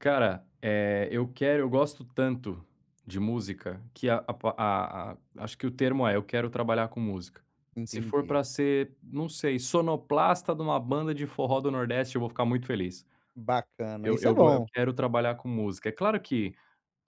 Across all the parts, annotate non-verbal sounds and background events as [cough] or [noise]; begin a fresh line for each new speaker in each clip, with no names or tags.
Cara, eh, eu quero eu gosto tanto de música que a a a a acho que o termo é: "Eu quero trabalhar com música." Se for
Entendi.
para ser, não sei, sonoplasta de uma banda de forró do Nordeste eu vou ficar muito feliz.
Bacana,
Eu
isso é
eu gos eu
bom.
quero trabalhar com música. É claro que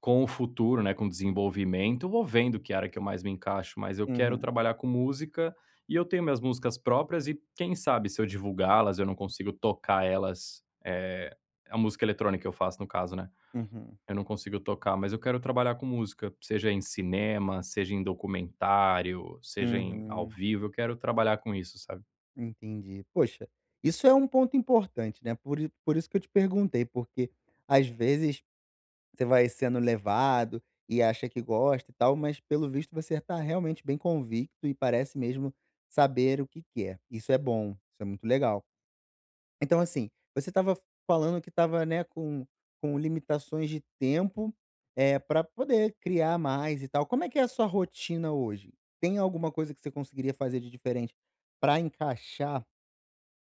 com o futuro, né, com o desenvolvimento, eu vou vendo que área que eu mais me encaixo, mas eu quero
Uhum.
trabalhar com música e eu tenho minhas músicas próprias e quem sabe se eu divulgá-las eu não consigo tocar elas, eh, a música eletrônica que eu faço, no caso, né?
Uhum.
Eu não consigo tocar, mas eu quero trabalhar com música, seja em cinema, seja em documentário, seja em ao
Uhum.
vivo, eu quero trabalhar com isso, sabe?
Entendi. Puxa, isso é um ponto importante, né? Por i por isso que eu te perguntei, porque às vezes você vai sendo levado e acha que gosta e tal, mas pelo visto você está realmente bem convicto e parece mesmo saber o que quer. Isso é bom, isso é muito legal. Então, assim, você estava falando que estava, né, com com limitações de tempo, eh, para poder criar mais e tal. Como é que é a sua rotina hoje? Tem alguma coisa que você conseguiria fazer de diferente para encaixar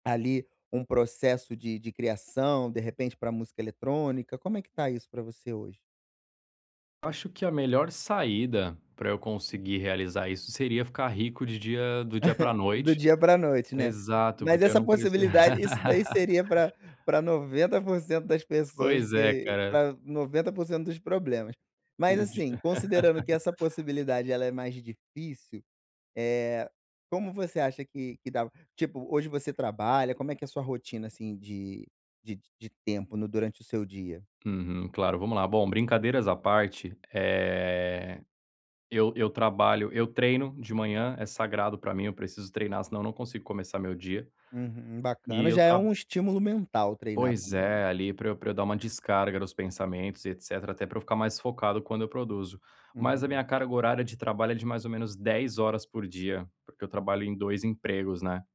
ali um processo de de criação, de repente para a música eletrônica? Como é que está isso para você hoje?
Acho que a melhor saída para eu conseguir realizar isso seria ficar rico de dia do dia para a
[giggles] Do
noite.
dia para a noite, né?
Exato,
Mas
porque eu
essa
não preci
possibilidade, isso daí seria para
[laughs]
para 90% das pessoas
Pois é,
que
cara.
para 90% dos problemas. Mas,
Um dia.
assim, considerando que essa
[laughs]
possibilidade ela é mais difícil, eh, como você acha que que dá tipo, hoje você trabalha, como é que é a sua rotina, assim, de de de tempo no durante o seu dia?
Uhum. Claro, vamos lá. Bom, brincadeiras à parte, eh, eu eu trabalho, eu treino de manhã. É sagrado para mim, eu preciso treinar, senão não consigo começar meu dia.
Uhum,
E
bacana.
eu
Já é
tra
um estímulo mental treinar
Pois
também.
é, ali, para eu para eu dar uma descarga nos pensamentos e etcétera. Até para eu ficar mais focado quando eu produzo. Mas a minha
Uhum.
carga horária de trabalho é de mais ou menos 10 horas por dia, porque eu trabalho
Hum.
em 2 empregos, né?